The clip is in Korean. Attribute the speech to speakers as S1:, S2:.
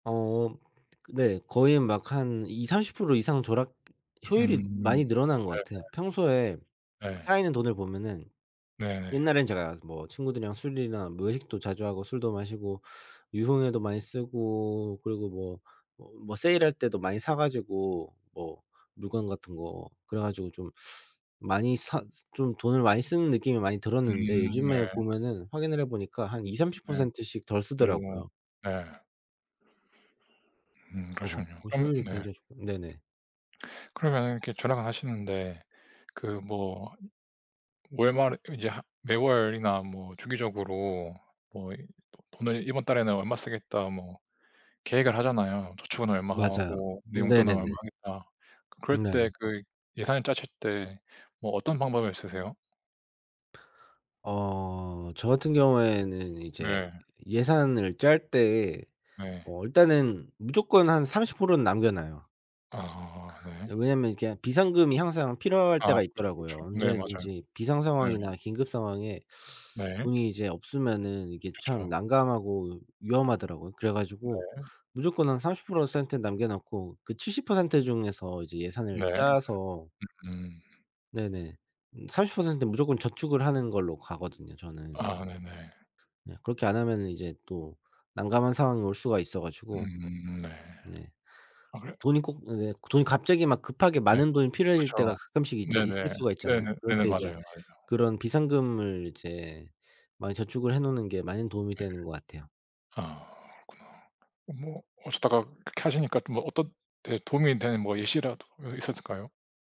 S1: 어. 그 네 거의 막 한 20-30% 이상 절약 효율이
S2: 음.
S1: 많이 늘어난 것 같아요. 평소에
S2: 네네. 네.
S1: 쌓이는 돈을 보면은
S2: 네네.
S1: 옛날엔 제가 뭐 친구들이랑 술이나 뭐 외식도 자주 하고 술도 마시고 유흥에도 많이 쓰고 그리고 뭐 뭐 -뭐 세일할 때도 많이 사 가지고 뭐 물건 같은 거 그래 가지고 좀 많이 사 좀 돈을 많이 쓰는 느낌이 많이 들었는데
S2: 음 네.
S1: 요즘에 보면은 확인을 해 보니까 한 이삼십
S2: 네.
S1: 퍼센트 씩 덜
S2: 어
S1: 쓰더라고요.
S2: 네. 음
S1: 그래서
S2: 그러시군요.
S1: 이
S2: 그럼
S1: 효율이
S2: 네.
S1: 굉장히 조 네네.
S2: 그러면 이렇게 절약을 하시는데 그 뭐 월말에 이제 하 매월이나 뭐 주기적으로 뭐 이 도 돈을 '이번 달에는 얼마 쓰겠다.' 뭐 계획을 하잖아요. '저축은
S1: 맞아요.
S2: 얼마하고 내 용돈은
S1: 네네네.
S2: 얼마 하겠다.' 그럴
S1: 네.
S2: 때 그 예산을 짜실 때 뭐 어떤 방법을 쓰세요?
S1: 어 저 같은 경우에는 이제
S2: 네.
S1: 예산을 짤 때
S2: 네.
S1: 어 일단은 무조건 한 30%는 남겨 놔요.
S2: 아 네.
S1: 예. 왜냐하면 이렇게 비상금이 항상 필요할
S2: 아
S1: 때가
S2: 그렇죠, 그렇죠.
S1: 있더라고요.
S2: 네. 맞아요.
S1: 언제든지 비상
S2: 네.
S1: 상황이나 긴급 상황에
S2: 네.
S1: 돈이 이제 없으면은 이게 참
S2: 그쵸.
S1: 난감하고 위험하더라고요. 그래 가지고
S2: 네.
S1: 무조건 한 삼십 프로 센트 남겨 낳고 그 70% 중에서 이제 예산을
S2: 네.
S1: 짜서
S2: 음.
S1: 네네 30%는 무조건 저축을 하는 걸로 가거든요 저는.
S2: 아 네네.
S1: 네. 그렇게 안 하면은 이제 또 난감한 상황이 올 수가 있어 가지고.
S2: 음 네.
S1: 네.
S2: 아 그래요?
S1: 돈이 꼭 네 돈이 갑자기 막 급하게
S2: 네.
S1: 많은 돈이 필요해질 때가
S2: 그쵸.
S1: 가끔씩 있잖 있을
S2: 네네.
S1: 수가 있잖아요.
S2: 네네.
S1: 그럴
S2: 네네.
S1: 때 이제
S2: 맞아요, 맞아요.
S1: 그런 비상금을 이제 많이 저축을 해 놓는 게 많은 도움이
S2: 네.
S1: 되는 것 같아요.
S2: 아 그렇구나. 뭐 하시다가 그렇게 하시니까 또 뭐 어떤 네 도움이 되는 예시라도 예 있었을까요?